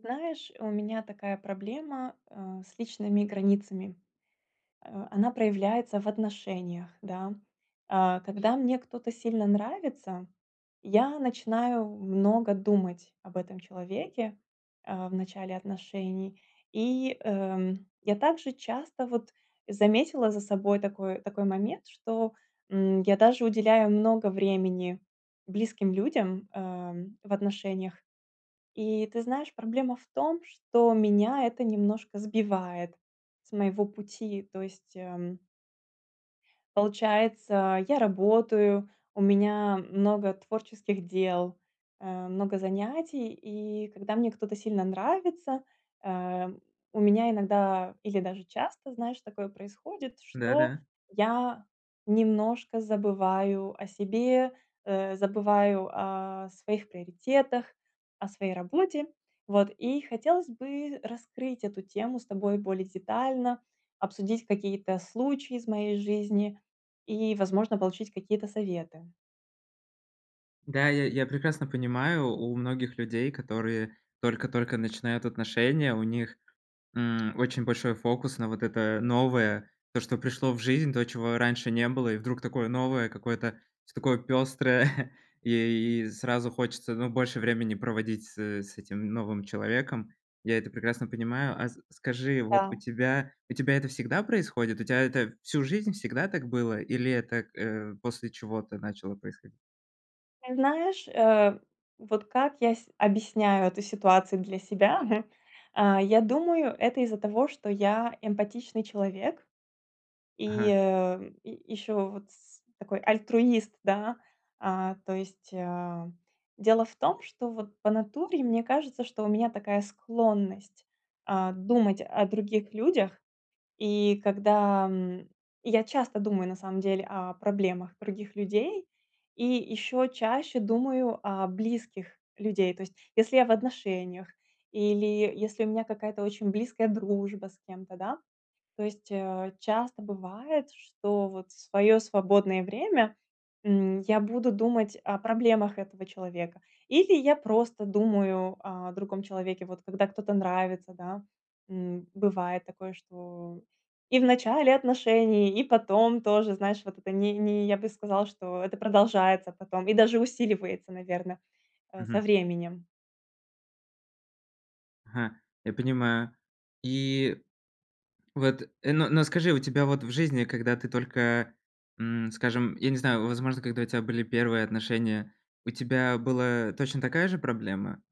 Знаешь, у меня такая проблема, э, с личными границами. Э, она проявляется в отношениях, да. Э, когда мне кто-то сильно нравится, я начинаю много думать об этом человеке, э, в начале отношений. И, эм, я также часто, вот, заметила за собой такой такой момент, что, м, я даже уделяю много времени близким людям, эм, в отношениях. И ты знаешь, проблема в том, что меня это немножко сбивает с моего пути. То есть, эм Получается, я работаю, у меня много творческих дел, э, много занятий. И когда мне кто-то сильно нравится, э, у меня иногда, или даже часто, знаешь, такое происходит, Да что да. я немножко забываю о себе, э, забываю о своих приоритетах, о своей работе. Вот и хотелось бы раскрыть эту тему с тобой более детально, обсудить какие-то случаи из моей жизни и, возможно, получить какие-то советы. Да, я я прекрасно понимаю, у многих людей, которые только-только начинают отношения, у них, м, очень большой фокус на вот это новое, то, что пришло в жизнь, то, чего раньше не было, и вдруг такое новое, какое-то, всё такое пёстрое. И сразу хочется, ну, больше времени проводить с с этим новым человеком. Я это прекрасно понимаю. А с скажи, вот, у Да. тебя у тебя это всегда происходит? У тебя это всю жизнь всегда так было или это, э, после чего-то начало происходить? Ты знаешь, э, вот, как я с объясняю эту ситуацию для себя. А, я думаю, это из-за того, что я эмпатичный человек. И, Ага. э, и ещё вот с такой альтруист, да. А, то есть, э, дело в том, что вот, по натуре, мне кажется, что у меня такая склонность, э, думать о других людях. И когда, м, я часто думаю на самом деле о проблемах других людей и ещё чаще думаю о близких людей. То есть, если я в отношениях или если у меня какая-то очень близкая дружба с кем-то, да. То есть, э, часто бывает, что вот в своё свободное время, м, я буду думать о проблемах этого человека, или я просто думаю о другом человеке, вот, когда кто-то нравится, да. М, бывает такое, что и в начале отношений, и потом тоже, знаешь, вот это не не я бы сказала, что это продолжается потом и даже усиливается, наверное, э, со Мгм. временем. Ага. Я понимаю. И вот, но но скажи, у тебя, вот, в жизни, когда ты только, м, скажем, я не знаю, возможно, когда у тебя были 1 отношения, у тебя была точно такая же проблема?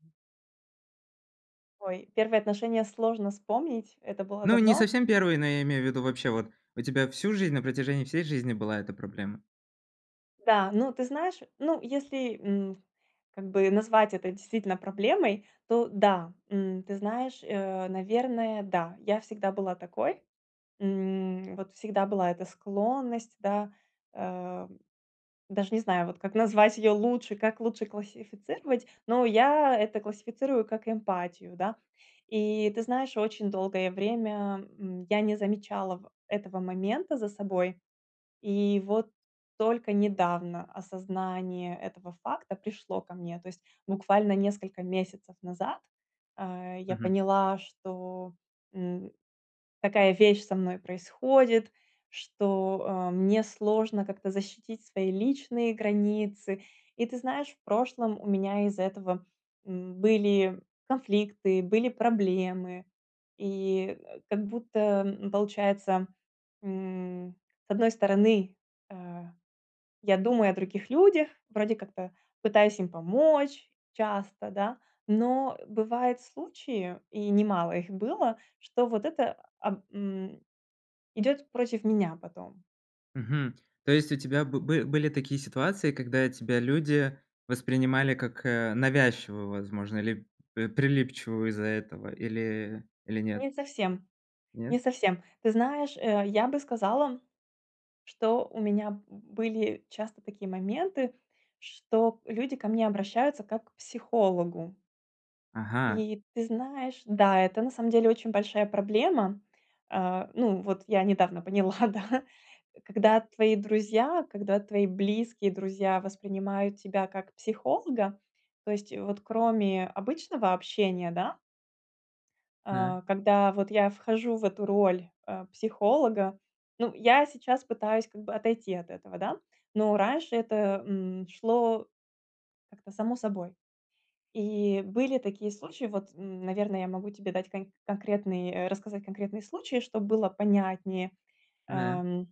Ой, 1 отношения сложно вспомнить. Это было Ну, не давно. совсем 1, но я имею в виду вообще, вот, у тебя всю жизнь, на протяжении всей жизни была эта проблема? Да, ну, ты знаешь, ну, если, м, как бы, назвать это действительно проблемой, то да. М, ты знаешь, э, наверное, да, я всегда была такой. М, вот, всегда была эта склонность, да, э, даже не знаю, вот, как назвать её лучше, как лучше классифицировать, но я это классифицирую как эмпатию, да. И, ты знаешь, очень долгое время, м, я не замечала этого момента за собой. И вот только недавно осознание этого факта пришло ко мне. То есть буквально несколько месяцев назад, э, я Мгм. поняла, что, м, такая вещь со мной происходит, что, а, мне сложно как-то защитить свои личные границы. И, ты знаешь, в прошлом у меня из-за этого, м, были конфликты, были проблемы. И, э, как будто, м, получается, м, с одной стороны, э, я думаю о других людях, вроде как-то пытаюсь им помочь часто, да, но бывают случаи, и немало их было, что вот это, а, м, идёт против меня потом. Мгм. То есть, у тебя бы бы были такие ситуации, когда тебя люди воспринимали как, э, навязчивую, возможно, или прилипчивую из-за этого, или или нет? Не совсем не Нет? совсем. Ты знаешь, э, я бы сказала, что у меня были часто такие моменты, что люди ко мне обращаются, как к психологу. Ага. И, ты знаешь, да, это на самом деле очень большая проблема. Э, ну, вот, я недавно поняла, да, когда твои друзья, когда твои близкие друзья воспринимают тебя как психолога. То есть, вот кроме обычного общения, да На. А, когда вот я вхожу в эту роль, э, психолога, ну, я сейчас пытаюсь как бы отойти от этого, да, но раньше это, м, шло как-то само собой, и были такие случаи. Вот, н наверное, я могу тебе дать кон конкретный, э, рассказать конкретный случай, чтоб было понятнее. Нэ. Ам.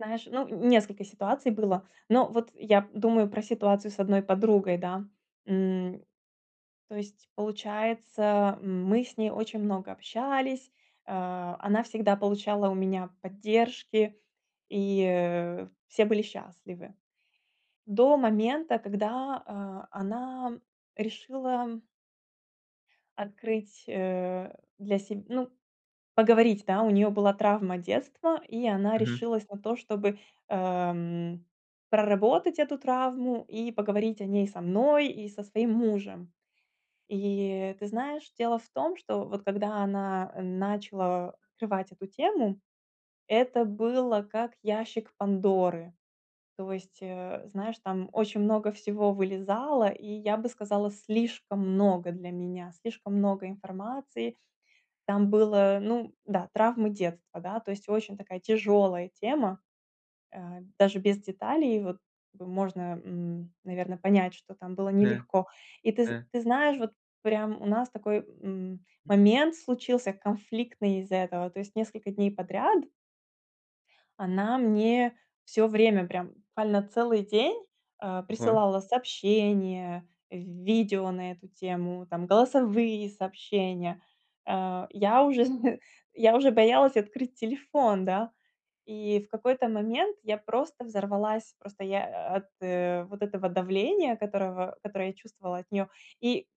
Знаешь, ну, несколько ситуаций было. Но вот я думаю про ситуацию с одной подругой, да. М. То есть получается, мы с ней очень много общались. Э, она всегда получала у меня поддержки, и, э, все были счастливы. До момента, когда, а, она решила открыть, э, для себ ну, поговорить, да. У неё была травма детства, и она Мгм. решилась на то, чтобы, эм, проработать эту травму и поговорить о ней со мной и со своим мужем. И ты знаешь, дело в том, что вот когда она, э, начала открывать эту тему, это было как ящик Пандоры. То есть, э, знаешь, там очень много всего вылезало, и я бы сказала, слишком много для меня, слишком много информации. Там было, ну да, травмы детства, да. То есть очень такая тяжелая тема, а, даже без деталей вот можно, м, наверно, понять, что там было Да, нелегко. И ты з да. ты знаешь, вот прям у нас такой, м, Мгм. момент случился конфликтный из-за этого. То есть несколько дней подряд она мне всё время, прям буквально целый день, э, Ого. присылала сообщения, в видео на эту тему, там голосовые сообщения. А, я уже зн я уже боялась открыть телефон, да, и в какой-то момент я просто взорвалась, просто я от, э, вот этого давления, которого которое я чувствовала от нее, и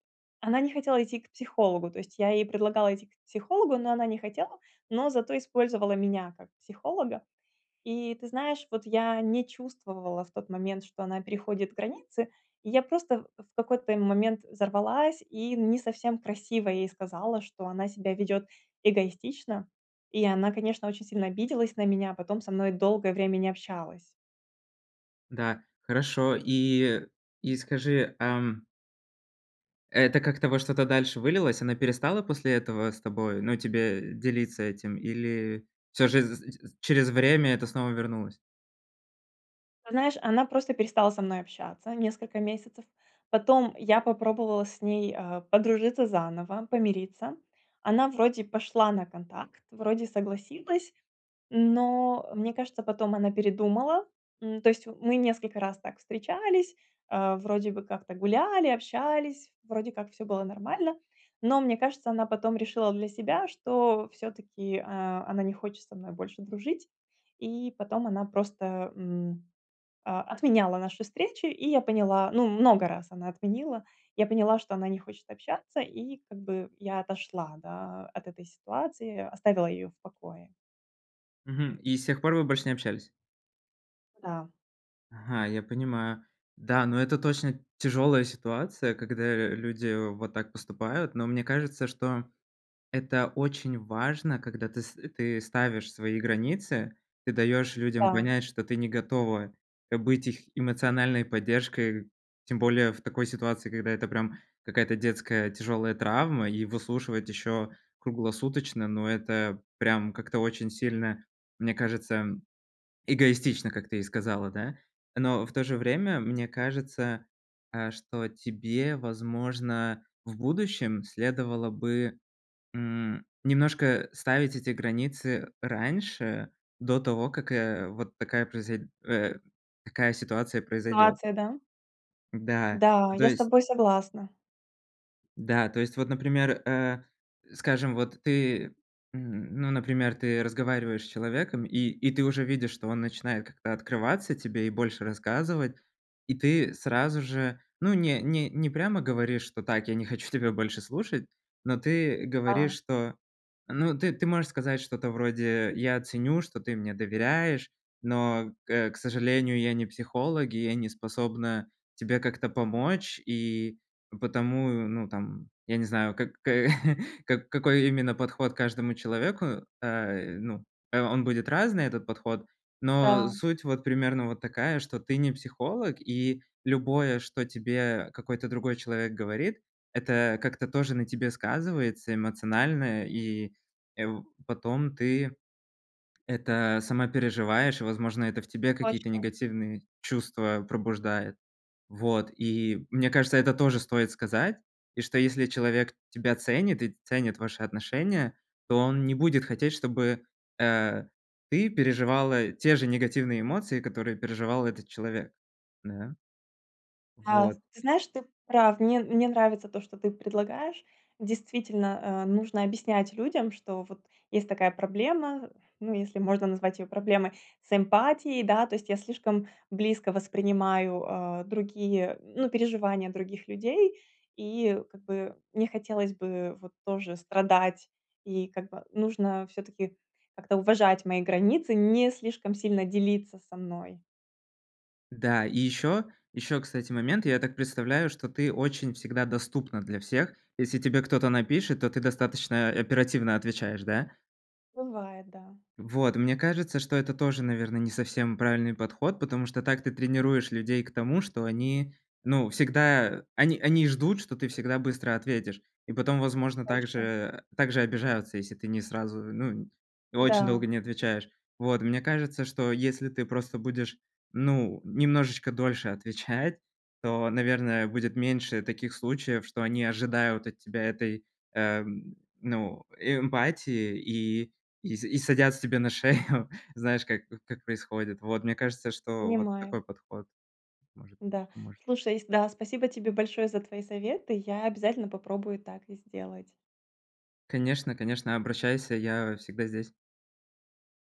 она не хотела идти к психологу. То есть я ей предлагала идти к психологу, но она не хотела, но зато использовала меня как психолога. И ты знаешь, вот я не чувствовала в тот момент, что она переходит границы. Я просто в в какой-то момент взорвалась и не совсем красиво ей сказала, что она себя ведет эгоистично. И она, конечно, очень сильно обиделась на меня, потом со мной долгое время не общалась. Да, хорошо. И и скажи, ам Это как-то во что-то дальше вылилось? Она перестала после этого с тобой ну, тебе делиться этим, или всё же з з з через время это снова вернулось? Знаешь, она просто перестала со мной общаться несколько месяцев. Потом я попробовала с ней, э, подружиться заново, помириться. Она вроде пошла на контакт, вроде согласилась, но, мне кажется, потом она передумала. М, то есть мы несколько раз так встречались, а, вроде бы как-то гуляли, общались, вроде как всё было нормально. Но, мне кажется, она потом решила для себя, что всё-таки, э, она не хочет со мной больше дружить. И потом она просто, м, о отменяла наши встречи, и я поняла, ну, много раз она отменила, я поняла, что она не хочет общаться, и как бы я отошла, да, от этой ситуации, оставила ее в покое. Мгм. И с тех пор вы больше не общались? Да. Ага, я понимаю. Да, но это точно тяжёлая ситуация, когда, э, люди вот так поступают. Но мне кажется, что это очень важно, когда ты ст ты ставишь свои границы. Ты даёшь людям Да. понять, что ты не готова, э, быть их эмоциональной поддержкой. Тем более в такой ситуации, когда это прям какая-то детская тяжёлая травма, и выслушивать ещё круглосуточно, ну, это прям как-то очень сильно, мне кажется, м, эгоистично, как ты и сказала, да. Но в то же время, мне кажется, а, что тебе, возможно, в будущем следовало бы, м, немножко ставить эти границы раньше, до того, как, э, вот такая произой э, такая ситуация произойдёт. Ситуация, да. Да, Да, то я с есть тобой согласна. Да, то есть вот, например, э, скажем, вот ты, м, ну, например, ты разговариваешь с человеком, и и ты уже видишь, что он начинает как-то открываться тебе и больше рассказывать, и ты сразу же, ну, не не не прямо говоришь, что: "Так, я не хочу тебя больше слушать", но ты говоришь, Да. что, ну, ты, ты можешь сказать что-то вроде: "Я ценю, что ты мне доверяешь, но, к э, к сожалению, я не психолог, и я не способна тебе как-то помочь", и потому, ну, там, я не знаю, как-то как какой именно подход к каждому человеку, э, ну, а, он будет разный, этот подход. Но Да. суть вот примерно вот такая, что ты не психолог, и любое, что тебе какой-то другой человек говорит, это как-то тоже на тебе сказывается эмоционально, и, э, в потом ты это сама переживаешь. Возможно, это в тебе какие-то Точно. негативные чувства пробуждает, вот. И мне кажется, это тоже стоит сказать. И что если человек тебя ценит и ценит ваши отношения, то он не будет хотеть, чтобы, э, ты переживала те же негативные эмоции, которые переживал этот человек. Да. Да. Вот. Ты знаешь, ты прав. Мне мне нравится то, что ты предлагаешь. Действительно, э, нужно объяснять людям, что вот есть такая проблема, ну, если можно назвать её проблемой с эмпатией. Да, то есть я слишком близко воспринимаю, а, другие, ну, переживания других людей и как бы не хотелось бы вот тоже страдать. И как бы нужно всё-таки как-то уважать мои границы, не слишком сильно делиться со мной. Да, и ещё ещё, кстати, момент. Я так представляю, что ты очень всегда доступна для всех. Если тебе кто-то напишет, то ты достаточно оперативно отвечаешь, да? Бывает, да. Вот, мне кажется, что это тоже, наверно, не совсем правильный подход, потому что так ты тренируешь людей к тому, что они, ну, всегда они они ждут, что ты всегда быстро ответишь. И потом, возможно, так же Точно. э, так же обижаются, если ты не сразу, ну, очень Да. долго не отвечаешь. Вот. Мне кажется, что если ты просто будешь, ну, немножечко дольше отвечать, то, наверное, будет меньше таких случаев, что они ожидают от тебя этой, эм, ну, эмпатии и и с и садятся тебе на шею. Знаешь, как как происходит? Вот, мне кажется, что вот Понимаю. такой подход, может быть, Да. поможет. Слушай, с да, спасибо тебе большое за твои советы. Я обязательно попробую так и сделать. Конечно конечно, обращайся, я всегда здесь.